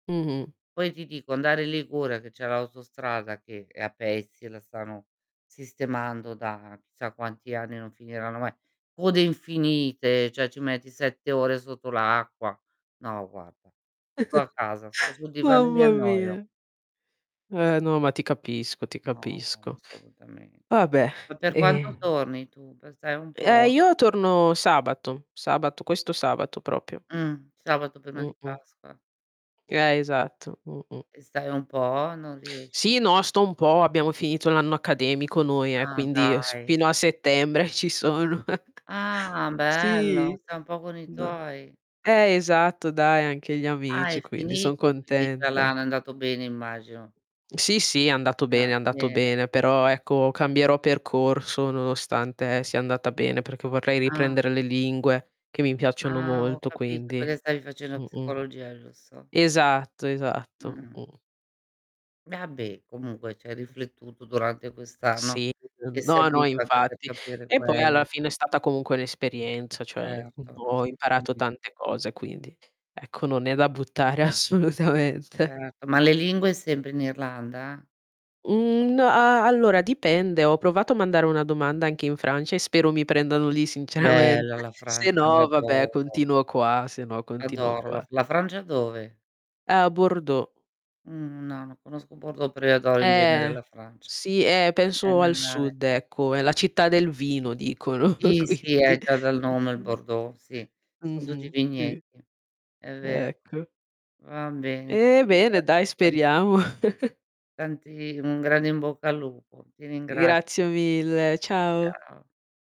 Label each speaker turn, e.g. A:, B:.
A: Mh-mh.
B: Poi ti dico andare in Liguria, che c'è l'autostrada che è a pezzi e la stanno sistemando da chissà quanti anni, non finiranno mai; code infinite, cioè ci metti 7 ore sotto l'acqua. No guarda, sto a casa, sto sul divano e mi
A: Mamma
B: annoio.
A: mia. Eh no, ma ti capisco, ti
B: No, ma
A: capisco.
B: assolutamen
A: Vabbè,
B: ma per quanto
A: ehm
B: torni tu? Per star un
A: Eh,
B: po'?
A: io torno sabato, sabato, questo sabato proprio.
B: Mh, sabato prima di
A: Mh-mh.
B: Pasqua.
A: Eh, esatto. Mh-mh.
B: E stai un po'? Non riesci
A: Sì, no, sto un po' abbiamo finito l'anno accademico noi eh,
B: Ah,
A: quindi, ehm, s
B: dai.
A: fino a settembre ci sono.
B: Ah, bello,
A: Sì.
B: sta un po' con i
A: N
B: tuoi.
A: eh, esatto dai anche gli
B: Ah è
A: amici, quindi son
B: finito, quindi [unintelligible] è
A: contenta.
B: andato bene, immagino.
A: Sì, sì, è andato
B: Ah,
A: bene, è andato
B: bene
A: bene, però,
B: [unintelligible]
A: ecco, cambierò percorso nonostante sia andata bene, perché vorrei
B: Ah.
A: riprendere le lingue che mi piacciono
B: Ah, ho
A: molto,
B: capito
A: quindi
B: perché stavi facendo
A: mh-mh.
B: psicologia, giusto?
A: Esatto, esatto,
B: Mh-mh.
A: mh.
B: Vabbè, comunque c'hai
A: Mh-mh.
B: riflettuto durante quest'anno,
A: Sì,
B: ti è
A: uhm, no, no,
B: servito anche per
A: infatti.
B: capire
A: E poi alla
B: quello.
A: fine è stata comunque l'esperienza, cioè, mhmm,
B: Erto,
A: boh, ho imparato
B: assolutame
A: tante cose, quindi ecco, non è da buttare assolutamente.
B: Certo, ma le lingue sempre in Irlanda?
A: Mhmm, n a allora dipende, ho provato a mandare una domanda anche in Francia e spero mi prendano lì sinceramente.
B: Bella la
A: Se
B: Francia,
A: no vabbè,
B: l'adoro.
A: continuo qua, se no continuo
B: Adoro la
A: qua.
B: f la Francia dove?
A: A Bordeaux.
B: Mhmm, no, non conosco Bordeaux, però io adoro in genere
A: Eh.
B: la Francia.
A: Sì, eh, penso al
B: [unintelligible]
A: sud ecco; è la città del vino dicono,
B: Sì, sì, eh,
A: quindi
B: già dal nome, il
A: Mh.
B: Bordeaux, sì son tutti
A: Mh-mh, sì.
B: vigneti. È ver
A: Ecco.
B: va bene,
A: Eh,
B: ti
A: bene
B: ringrazio
A: dai,
B: tantissimo.
A: speriamo.
B: Tanti un grande in bocca al lupo. Ti
A: Grazie
B: ringrazio.
A: mille, ciao.
B: Ciao.